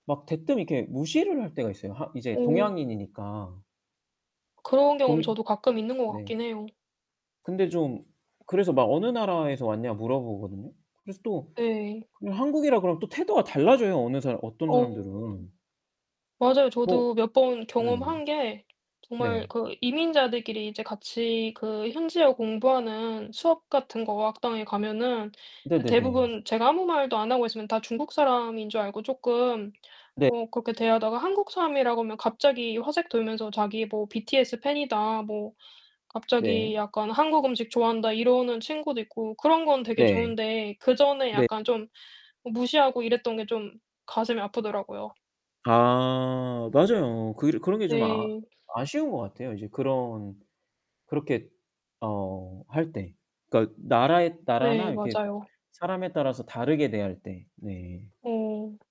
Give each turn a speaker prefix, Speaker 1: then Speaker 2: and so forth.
Speaker 1: 막 대뜸 이렇게 무시를 할 때가 있어요, 하 이제
Speaker 2: 음.
Speaker 1: 동양인이니까.
Speaker 2: 그런 경험
Speaker 1: 동
Speaker 2: 저도 가끔 있는 것
Speaker 1: 네.
Speaker 2: 같긴 해요.
Speaker 1: 근데 좀 그래서 막 어느 나라에서 왔냐 물어보거든요. 그래서 또
Speaker 2: 네.
Speaker 1: 그 한국이라 그러면 또 태도가 달라져요, 어느 사람 어떤
Speaker 2: 어
Speaker 1: 사람들은.
Speaker 2: 맞아요.
Speaker 1: 뭐
Speaker 2: 저도 몇 번
Speaker 1: 네.
Speaker 2: 경험한 게 정말
Speaker 1: 네.
Speaker 2: 그 이민자들끼리 이제 같이 그 현지어 공부하는 수업 같은 거 어학당에 가면은 드
Speaker 1: 네네네.
Speaker 2: 대부분 제가 아무 말도 안 하고 있으면 다 중국 사람인 줄 알고 쪼끔
Speaker 1: 네.
Speaker 2: 어 그렇게 대하다가 한국 사람이라고 하면 갑자기 화색 돌면서 자기 뭐 "BTS 팬이다." 뭐
Speaker 1: 네.
Speaker 2: 갑자기 약간 "한국 음식 좋아한다." 이러는 친구도 있고 그런 건 되게
Speaker 1: 네.
Speaker 2: 좋은데 그전에
Speaker 1: 네.
Speaker 2: 약간 좀 무시하고 이랬던 게 좀 가슴이 아프더라고요.
Speaker 1: 아 맞아요. 그 일 그런 게 좀 아
Speaker 2: 네.
Speaker 1: 아쉬운 것 같아요, 인제 그런 그렇게 어 할 때. 그러니까 나라의
Speaker 2: 네
Speaker 1: 나라나 이렇게 뭐
Speaker 2: 맞아요.
Speaker 1: 사람에 따라서 다르게 대할 때 네.
Speaker 2: 네.